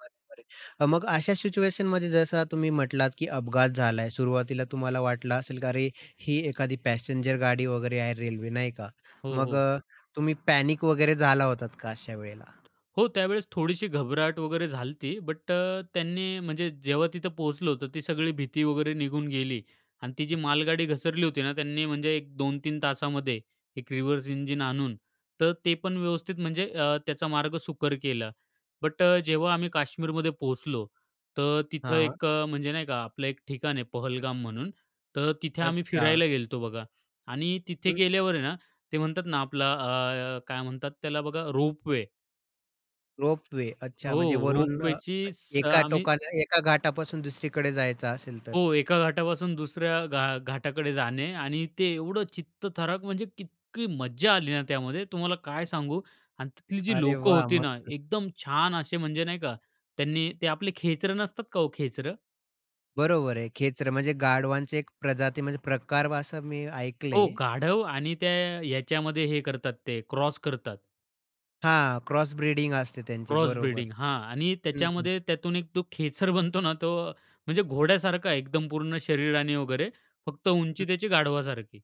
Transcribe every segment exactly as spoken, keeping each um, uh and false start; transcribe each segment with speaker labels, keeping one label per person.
Speaker 1: बरोबर आहे. हां, मग अशा सिच्युएशनमध्ये जसा तुम्ही म्हटलात, की अपघात झालाय. सुरुवातीला तुम्हाला वाटलं असेल की अरे, ही एखादी पॅसेंजर गाडी वगैरे आहे रेल्वे, नाही का.
Speaker 2: हो,
Speaker 1: मग
Speaker 2: हो.
Speaker 1: अ, तुम्ही पॅनिक वगैरे झाला होतात का अशा वेळेला?
Speaker 2: हो, त्यावेळेस थोडीशी घबराहट वगैरे झाली होती, बट अ, त्यांनी म्हणजे जेव्हा तिथं पोहोचलो होतो, ती सगळी भीती वगैरे निघून गेली आणि ती जी मालगाडी घसरली होती ना, त्यांनी म्हणजे एक दोन-तीन तासामध्ये एक रिव्हर्स इंजिन आणून तर ते पण व्यवस्थित म्हणजे अ, त्याचा मार्ग सुकर केला. बट अ, जेव्हा आम्ही काश्मीरमध्ये पोहोचलो, तर तिथं
Speaker 1: हां.
Speaker 2: एक अ, म्हणजे नाही का, आपलं एक ठिकाण आहे पहलगाम म्हणून, तर तिथे आम्ही
Speaker 1: अच्छा.
Speaker 2: फिरायला गेलतो बघा आणि तिथे
Speaker 1: हं.
Speaker 2: गेल्यावर आहे ना, ते म्हणतात ना, आपला अ, काय म्हणतात त्याला बघा रोपवे.
Speaker 1: रोपवे, अच्छा,
Speaker 2: हो,
Speaker 1: म्हणजे वरून अ,
Speaker 2: रोपवेचीच स
Speaker 1: एका
Speaker 2: आम्ही
Speaker 1: टोकाला एका घाटापासून दुसरीकडे जायचं असेल तर.
Speaker 2: हो, एका घाटापासून दुसऱ्या घा घाटाकडे जाणे आणि ते एवढं चित्तथरारक म्हणजे इतकी मज्जा आली ना, त्यामध्ये तुम्हाला काय सांगू आणि तिथली जी
Speaker 1: अरे
Speaker 2: लोकं
Speaker 1: वा!
Speaker 2: होती ना,
Speaker 1: मस्त.
Speaker 2: एकदम छान असे म्हणजे नाही का, त्यांनी ते आपले खेचरं नसतात का हो खेचरं.
Speaker 1: बरोबर आहे. खेचरं म्हणजे गाढवांचे एक प्रजाती म्हणजे प्रकार वा असं मी
Speaker 2: हो,
Speaker 1: ऐकलय.
Speaker 2: गाढव आणि त्या याच्यामध्ये हे करतात, ते क्रॉस करतात.
Speaker 1: हां, क्रॉस ब्रीडिंग असते त्यांची
Speaker 2: क्रॉस
Speaker 1: बरोबर.
Speaker 2: ब्रीडिंग हां, आणि
Speaker 1: हं, हं.
Speaker 2: त्याच्यामध्ये त्यातून एक तो खेचर बनतो ना, तो म्हणजे घोड्यासारखा एकदम पूर्ण शरीराने वगैरे, फक्त उंची
Speaker 1: हं.
Speaker 2: त्याची गाढवासारखी.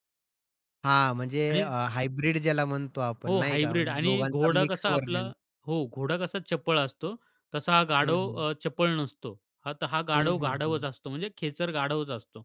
Speaker 1: हां, म्हणजे
Speaker 2: आणि
Speaker 1: अ, हायब्रिड ज्याला म्हणतो आपण
Speaker 2: हो,
Speaker 1: नाही का,
Speaker 2: हायब्रिड
Speaker 1: म्हणजे
Speaker 2: आणि
Speaker 1: दोघांचा
Speaker 2: घोडा
Speaker 1: मिक्स
Speaker 2: कसा आपला
Speaker 1: व्हर्जन.
Speaker 2: हो, घोडा कसा चपळ असतो, तसा हा
Speaker 1: हं,
Speaker 2: गाढव
Speaker 1: हं.
Speaker 2: अ, चपळ नसतो. हा त हा
Speaker 1: हं,
Speaker 2: गाढव
Speaker 1: हं, हं.
Speaker 2: गाढवच असतो. म्हणजे खेचर गाढवच असतो.